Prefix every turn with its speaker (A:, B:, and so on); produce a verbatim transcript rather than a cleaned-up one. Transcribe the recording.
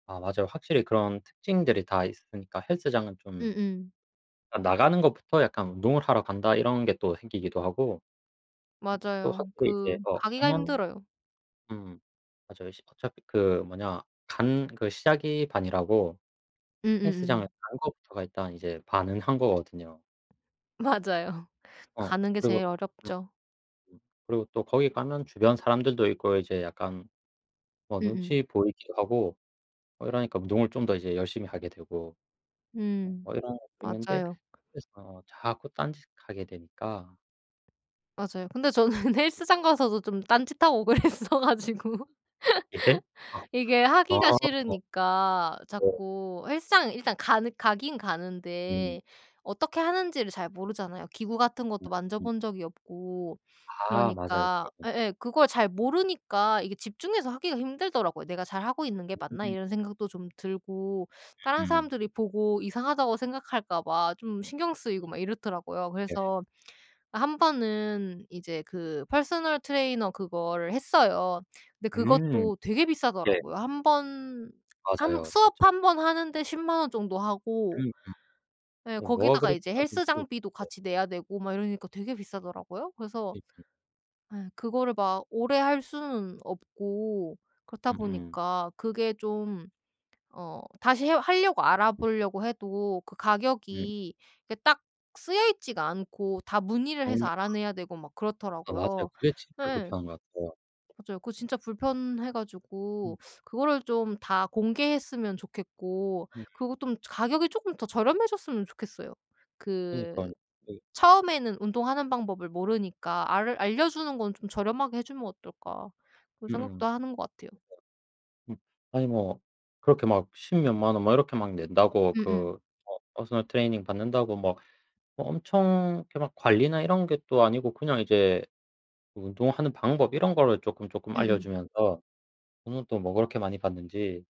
A: 아 맞아요. 확실히 그런 특징들이 다 있으니까 헬스장은 좀
B: 음음.
A: 아 '나가는 것부터 약간 운동을 하러 간다.' 이런 게 또 생기기도 하고 음. 또
B: 맞아요. 그
A: [unintelligible]
B: 가기가
A: 가면
B: 힘들어요.
A: 음. 맞아요. 십 어차피 그 뭐냐 간 그 시작이 반이라고 헬스장을
B: 음음음.
A: 간 것부터가 일단 이제 반은 한 거거든요.
B: 맞아요.
A: 어.
B: 가는 게
A: 그리고
B: 제일
A: 음
B: 어렵죠.
A: 음 그리고 또 거기 가면 주변 사람들도 있고 이제 약간 어
B: 음음.
A: 눈치 보이기도 하고 어 이러니까 운동을 좀 더 이제 열심히 하게 되고 어
B: 음.
A: 뭐 이런 것도 있는데
B: 맞아요.
A: 그래서 자꾸 딴짓하게 되니까
B: 맞아요. 근데 저는 헬스장 가서도 좀 딴짓하고 그랬어 가지고
A: 예?
B: 이게
A: 아.
B: 하기가 싫으니까
A: 네.
B: 자꾸 헬스장 일단 가는 가기는
A: 음.
B: 가는데 어떻게 하는지를 잘 모르잖아요. 기구 같은
A: 네.
B: 것도 만져
A: 음.
B: 본 적이 없고
A: 아 맞아요.
B: 그러니까
A: 그렇군
B: 예예. 그걸 잘 모르니까 이게 집중해서 하기가 힘들더라고요. '내가 잘하고 있는 게 맞나?'
A: 음.
B: 이런 생각도 좀 들고 다른
A: 음음.
B: 사람들이 보고 이상하다고 생각할까 봐 좀 신경 쓰이고 막 이렇더라고요.
A: 예.
B: 그래서 어 한번은 이제 그 펄스널 트레이너 그거를 했어요. 근데
A: 음.
B: 그것도 되게
A: 예.
B: 비싸더라고요. 한 번 한
A: 맞아요.
B: 수업
A: 진짜.
B: 한 번 하는데 십만 원 정도 하고
A: 음음.
B: 예.
A: 어 뭐가
B: 거기다가
A: 그리
B: 이제
A: 비싼 건지,
B: 헬스장비도
A: 네.
B: 같이 내야 되고 막 이러니까 되게 비싸더라고요. 그래서
A: [unintelligible]
B: 예. 그거를 막 오래 할 수는 없고 그렇다
A: 음음.
B: 보니까 그게 좀 어 다시 해 하려고 알아보려고 해도 그
A: 음.
B: 가격이 이게 딱 쓰여 있지가 않고 다 문의를 해서
A: 너무
B: 알아내야 되고 막
A: 아 맞아요.
B: 그렇더라고요.
A: 그게 진짜
B: 예.
A: 불편한 것 같아요.
B: 맞아요. 그거 진짜 불편해
A: 음.
B: 가지고 그거를 좀 다 공개했으면 좋겠고
A: 음.
B: 그리고 또 좀 가격이 쪼끔 더 저렴해졌으면 좋겠어요. 그
A: 그러니까요. 그
B: '처음에는 운동하는 방법을 모르니까 알 알려 주는 건 좀 저렴하게 해 주면 어떨까?' 그런
A: 음음.
B: 생각도
A: 그러니까
B: 하는 것 같아요.
A: 음. 아니 뭐 그렇게 막 십 몇만 원 뭐 이렇게 막 낸다고
B: 음음.
A: 그 어 퍼스널 트레이닝 받는다고 뭐 뭐 엄청 그렇게 막 관리나 이런 게 또 아니고 그냥 이제 운동하는 방법 이런 거를 쪼끔쪼끔 알려
B: 음음.
A: 주면서 돈은 또 뭐 그렇게 많이 받는지